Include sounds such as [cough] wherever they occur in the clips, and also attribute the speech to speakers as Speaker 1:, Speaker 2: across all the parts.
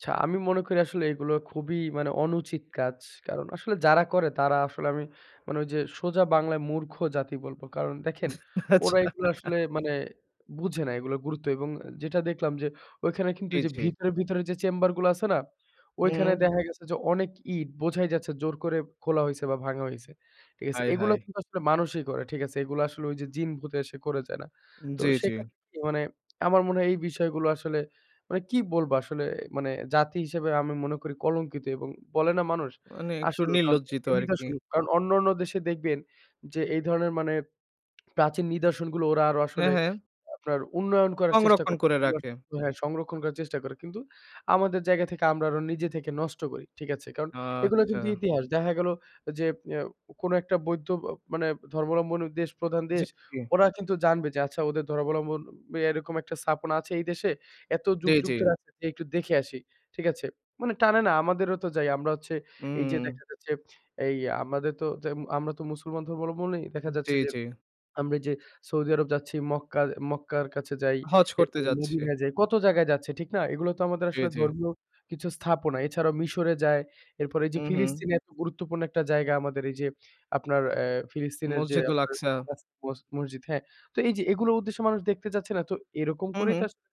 Speaker 1: আচ্ছা, আমি মনে করি আসলে এগুলো খুবই মানে, অনুচিত কাজ। কারণ আসলে যারা করে, তারা আসলে আমি মানে, ঐযে সোজা বাংলায় মূর্খ জাতি বলবো। কারণ দেখেন,
Speaker 2: [chuckles]
Speaker 1: ওরা
Speaker 2: আচ্ছা।
Speaker 1: এইগুলা
Speaker 2: [chuckles]
Speaker 1: আসলে মানে, বুঝে না এইগুলার গুরুত্ব এবং অ্যা যেটা দেখলাম যে, ঐখানে কিন্তু
Speaker 2: জি,
Speaker 1: ওইযে
Speaker 2: জি।
Speaker 1: ভিতরে, ভিতরে যে, চেম্বার গুলা আছে না?
Speaker 2: হু,
Speaker 1: ওইখানে
Speaker 2: হুম।
Speaker 1: দেখা গেছে যে, অনেক ইট, বোঝাই যাচ্ছে জোর করে খোলা হইছে বা ভাঙা হইছে। ঠিক আছে?
Speaker 2: হায়,
Speaker 1: এইগুলা
Speaker 2: হায়!
Speaker 1: কিন্তু আসলে মানুষই করে। ঠিক আছে? এইগুলা আসলে ওইযে জিন-ভুতে এসে করে যায় না।
Speaker 2: উম
Speaker 1: তো
Speaker 2: জি, জি।
Speaker 1: সেক্ষেত্রে কি? মানে আমার মনে হয় এই বিষয়গুলো আসলে, মানে কি বলবো? আসলে মানে, জাতি হিসেবে আমি মনে করি কলঙ্কিত এবং বলে না মানুষ?
Speaker 2: মানে একটু
Speaker 1: আসলেও কারণ,
Speaker 2: নির্লজ্জিত
Speaker 1: এটা
Speaker 2: আরকি।
Speaker 1: নিদর্শন। কারণ অন্যান্য দেশে দেখবেন যে, এই ধরনের মানে প্রাচীন নিদর্শনগুলো, ওরা আরো
Speaker 2: হ্যাঁ,
Speaker 1: আসলে
Speaker 2: হ্যাঁ।
Speaker 1: আপনার উন্নয়ন করার চেষ্টা
Speaker 2: সংরক্ষণ
Speaker 1: করে,
Speaker 2: করে রাখে।
Speaker 1: সং হ্যাঁ, সংরক্ষণ করার চেষ্টা করে। কিন্তু আমাদের জায়গা থেকে, আমরা আরো নিজে থেকে নষ্ট করি। ঠিক আছে? কারণ এগুলা কিন্তু
Speaker 2: আচ্ছা।
Speaker 1: ইতিহাস। দেখা গেল যে, অ্যা কোনো একটা বৈদ্ধ অ মানে ধর্মাবলম্বন দেশ, প্রধান
Speaker 2: জি,
Speaker 1: দেশ;
Speaker 2: জি।
Speaker 1: ওরা কিন্তু জানবে যে, আচ্ছা, ওদের ধর্মাবলম্বন এরকম একটা স্থাপন আছে এই দেশে, "এত
Speaker 2: জি,
Speaker 1: যুগযুগ
Speaker 2: জি।
Speaker 1: ধরে আছে, যেয়ে একটু দেখে আসি।" ঠিক আছে? মানে টানে না? আমাদেরও তো যাই। আমরা হচ্ছে এই যে,
Speaker 2: উম।
Speaker 1: দেখা যাচ্ছে, এই আমাদের তো জেম আমরা তো মুসলমান ধর্মাবলম্বনেই, দেখা
Speaker 2: জি,
Speaker 1: যাচ্ছে যে,
Speaker 2: জি।
Speaker 1: আমরা ওইযে সৌদি আরব যাচ্ছি, মক্কা মক্কার কাছে যাই,
Speaker 2: হজ্জ করতে
Speaker 1: এরপর
Speaker 2: যাচ্ছে।
Speaker 1: মদিনা যাই, কত জায়গায় যাচ্ছি। ঠিক না? এইগুলাও তো আমাদের
Speaker 2: জি,
Speaker 1: আসলে
Speaker 2: জি।
Speaker 1: ধর্মীয় কিছু স্থাপনা। এছাড়াও মিশরে যায়। এরপরে এই যে,
Speaker 2: উহুঁ।
Speaker 1: ফিলিস্তিনে এত গুরুত্বপূর্ণ একটা জায়গা, আমাদের এইযে আপনার অ্যা ফিলিস্তিনের যে,
Speaker 2: মসজিদুল
Speaker 1: আপনার
Speaker 2: আকসা।
Speaker 1: [unintelligible] মস মসজিদ, হ্যাঁ? তো এই যে, এগুলো উদ্দেশ্যে মানুষ দেখতে যাচ্ছে না? তো এরকম
Speaker 2: হু,
Speaker 1: করেই তো
Speaker 2: হুম।
Speaker 1: আসলে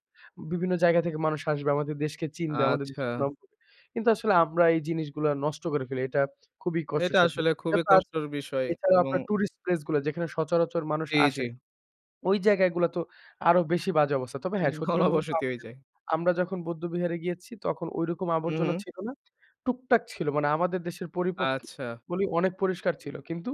Speaker 1: বিভিন্ন জায়গা থেকে মানুষ আসবে, আমাদের দেশকে চিনবে, আমাদের
Speaker 2: আচ্ছা।
Speaker 1: দেশের সুনাম হবে। কিন্তু আসলে আমরা এই জিনিসগুলা নষ্ট করে ফেলি। এটা খুবই
Speaker 2: এটা
Speaker 1: কষ্টসাধ্য।
Speaker 2: আসলে
Speaker 1: এটা
Speaker 2: খুবই
Speaker 1: তো আছে।
Speaker 2: কষ্টের বিষয়
Speaker 1: এছাড়াও
Speaker 2: এবং
Speaker 1: আপনার টুরিস্ট প্লেস গুলা, যেখানে সচরাচর মানুষ
Speaker 2: জি, জি।
Speaker 1: আসে। ওই জায়গাগুলা তো আরো বেশি বাজে অবস্থা। তবে হ্যাঁ,
Speaker 2: [chuckles]
Speaker 1: সত্যি কথা বলবো
Speaker 2: ঘনবসতি হয়ে
Speaker 1: [unintelligible]
Speaker 2: যায়।
Speaker 1: আমরা যখন বৌদ্ধ্য বিহারে গিয়েছি, তখন ঐরকম আবর্জনা
Speaker 2: উহুঁ।
Speaker 1: ছিল না। টুকটাক ছিল। মানে আমাদের দেশের পরিপক্ক
Speaker 2: আচ্ছা।
Speaker 1: বলি, অনেক পরিষ্কার ছিল। কিন্তু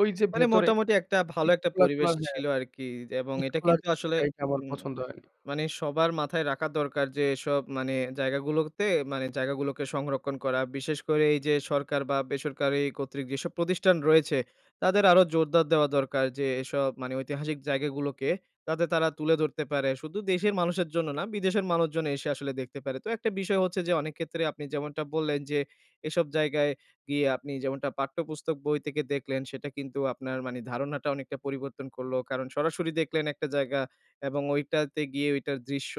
Speaker 1: ওই যে,
Speaker 2: মানে
Speaker 1: ভেতরে
Speaker 2: মোটামুটি একটা, ভালো
Speaker 1: ইট
Speaker 2: একটা
Speaker 1: খোলা
Speaker 2: পরিবেশ
Speaker 1: খোলার হ্যাঁ।
Speaker 2: ছিল আরকি। এবং
Speaker 1: ইট
Speaker 2: এটা
Speaker 1: খোলার
Speaker 2: কিন্তু আসলে
Speaker 1: জিনিসটা, এইটা আমার
Speaker 2: উম
Speaker 1: পছন্দ হয় না
Speaker 2: মানে সবার মাথায় রাখা দরকার যে, এসব মানে জায়গা গুলোতে, মানে জায়গাগুলোকে সংরক্ষণ করা। বিশেষ করে এই যে, সরকার বা বেসরকারি কর্তৃক যেসব প্রতিষ্ঠান রয়েছে, তাদের আরো জোরদার দেওয়া দরকার যে, এসব মানে ঐতিহাসিক জায়গাগুলোকে, যাতে তারা তুলে ধরতে পারে। শুধু দেশের মানুষের জন্য না, বিদেশের মানুষজন এসে আসলে দেখতে পারে। তো একটা বিষয় হচ্ছে যে, অনেক ক্ষেত্রে আপনি যেমনটা বললেন যে, এসব জায়গায় গিয়ে, আপনি যেমনটা পাঠ্যপুস্তক বই তেকে দেখলেন, সেটা কিন্তু আপনার মানি ধারণাটা অনেকটা পরিবর্তন করলো। কারণ সরাসরি দেখলেন একটা জায়গা এবং ঐটাতে গিয়ে ওইটার দৃশ্য,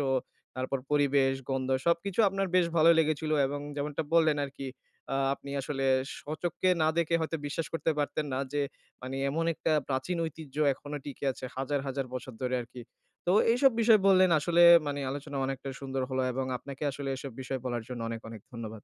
Speaker 2: তারপর পরিবেশ, গন্ধ সবকিছু আপনার বেশ ভালোই লেগেছিল। এবং যেমনটা বললেন আরকি, আ আপনি আসলে স্বচক্ষে না দেখে, হয়তো বিশ্বাস করতে পারতেন না যে, মানে এমন একটা প্রাচীন ঐতিহ্য এখনো টিকে আছে? হাজার, হাজার বছর ধরে আরকি। তো এইসব বিষয় বললেন আসলে মানে, আলোচনা অনেকটাই সুন্দর হলো এবং আপনাকে আসলে এসব বিষয় বলার জন্য অনেক, অনেক ধন্যবাদ।